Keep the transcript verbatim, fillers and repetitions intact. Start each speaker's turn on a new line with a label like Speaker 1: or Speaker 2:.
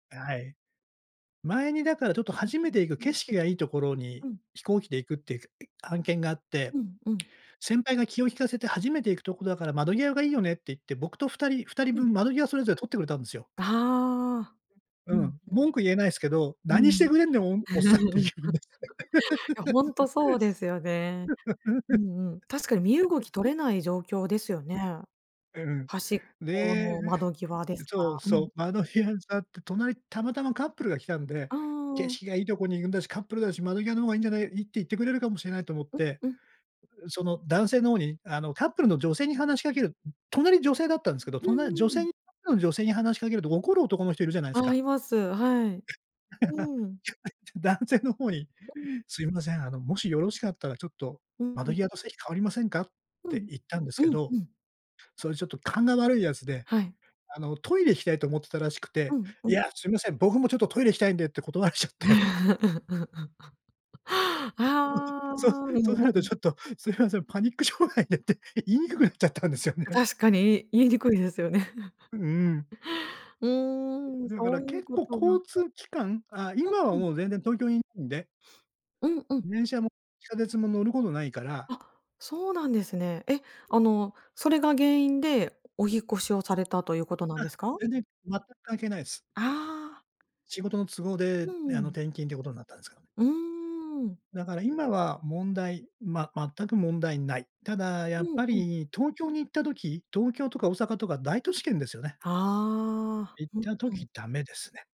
Speaker 1: はい。前に、だから、ちょっと、初めて行く景色がいいところ に、
Speaker 2: うん。
Speaker 1: 飛行機で行くっていう案件があって。
Speaker 2: うんうん。
Speaker 1: 先輩が気を利かせて、初めて行くところだから、窓際がいいよねって言って、僕とふたりふたり
Speaker 2: う
Speaker 1: ぶ
Speaker 2: ん。
Speaker 1: ん、窓際それぞれ取ってくれたんですよ。
Speaker 2: ああ。う
Speaker 1: う
Speaker 2: ん
Speaker 1: ん。文句言えないすけど、
Speaker 2: う
Speaker 1: 何して
Speaker 2: ん。
Speaker 1: くれんだよ、おんおっさんってい
Speaker 2: い
Speaker 1: うね。
Speaker 2: やほんと、そうですよね。うんうん。確かに、身動き 取れない状況ですよね。
Speaker 1: うん。
Speaker 2: 端っ
Speaker 1: ね
Speaker 2: こ
Speaker 1: え。
Speaker 2: の窓 際ですか
Speaker 1: そ
Speaker 2: ら。
Speaker 1: う
Speaker 2: う
Speaker 1: そ
Speaker 2: ん。
Speaker 1: う。窓際に座って、隣たまたまカップルが来たんで、
Speaker 2: あああ
Speaker 1: 景
Speaker 2: あああ。
Speaker 1: 色がいいとこに行くんだし、カップルだし、窓際の方がいいんじゃないいいって言ってくれるかもしれないと思っ
Speaker 2: う
Speaker 1: て、
Speaker 2: うん。
Speaker 1: その、男性の方にあの、カップルの女性に話しかける隣女性だったんですけど、
Speaker 2: うん
Speaker 1: 隣女
Speaker 2: うんうん。
Speaker 1: 性にカップルの女性に話しかけると、怒る男の人いるじゃないです
Speaker 2: ああ、
Speaker 1: か。
Speaker 2: います。はい。うん。
Speaker 1: 男性の方に 「すいません、あの、もしよろしかったら、ちょっと、
Speaker 2: うんう
Speaker 1: 窓
Speaker 2: ん。
Speaker 1: 際の席換わりませんか？」っ
Speaker 2: う
Speaker 1: て
Speaker 2: ん。
Speaker 1: 言ったんですけ
Speaker 2: うん、
Speaker 1: ど。
Speaker 2: うん。
Speaker 1: それちょっと勘が悪いやつで、
Speaker 2: はい。
Speaker 1: あの、トイレ行きたいと思ってたらしく
Speaker 2: う
Speaker 1: て。
Speaker 2: ん、う
Speaker 1: 「い
Speaker 2: ん。
Speaker 1: や、すいません、僕もちょっとトイレ行きたいんで」って、断られちゃって。
Speaker 2: ああ。
Speaker 1: そそ
Speaker 2: う
Speaker 1: そう
Speaker 2: ん
Speaker 1: なる
Speaker 2: う
Speaker 1: と
Speaker 2: ん。
Speaker 1: ちょっと「すいません、パニック障害で」って、言いにくくなっちゃったんですよ
Speaker 2: あ、
Speaker 1: ね。
Speaker 2: 確かに。い言いにくいですよね。
Speaker 1: うんうん。
Speaker 2: うーん、
Speaker 1: だか
Speaker 2: そ
Speaker 1: ら
Speaker 2: ういう
Speaker 1: 結
Speaker 2: こ
Speaker 1: 構、
Speaker 2: とが。
Speaker 1: 交通機関あ、
Speaker 2: うん
Speaker 1: 今は
Speaker 2: うん。
Speaker 1: もう全然、東京にいるんで。
Speaker 2: うんうん。
Speaker 1: 電車も地下鉄も、乗ることないから。
Speaker 2: あ、そうなんですね。え、あの、それが原因で、お引っ越しをされたということなん
Speaker 1: あ、
Speaker 2: ですか？
Speaker 1: 全然全く関係ないっす。
Speaker 2: ああ。
Speaker 1: 仕事の都合で、
Speaker 2: うんう
Speaker 1: あの、
Speaker 2: ん。
Speaker 1: 転勤ということになったんですけどね。
Speaker 2: うん。
Speaker 1: だから今は、問題ま全く問題ない。ただや
Speaker 2: う
Speaker 1: っ
Speaker 2: ん
Speaker 1: ぱ
Speaker 2: うん。
Speaker 1: り、東京に行った時東京とか大阪とか、大都市圏ですよね。
Speaker 2: ああ。
Speaker 1: 行っ
Speaker 2: うん、
Speaker 1: た
Speaker 2: うん。
Speaker 1: 時、ダメですね。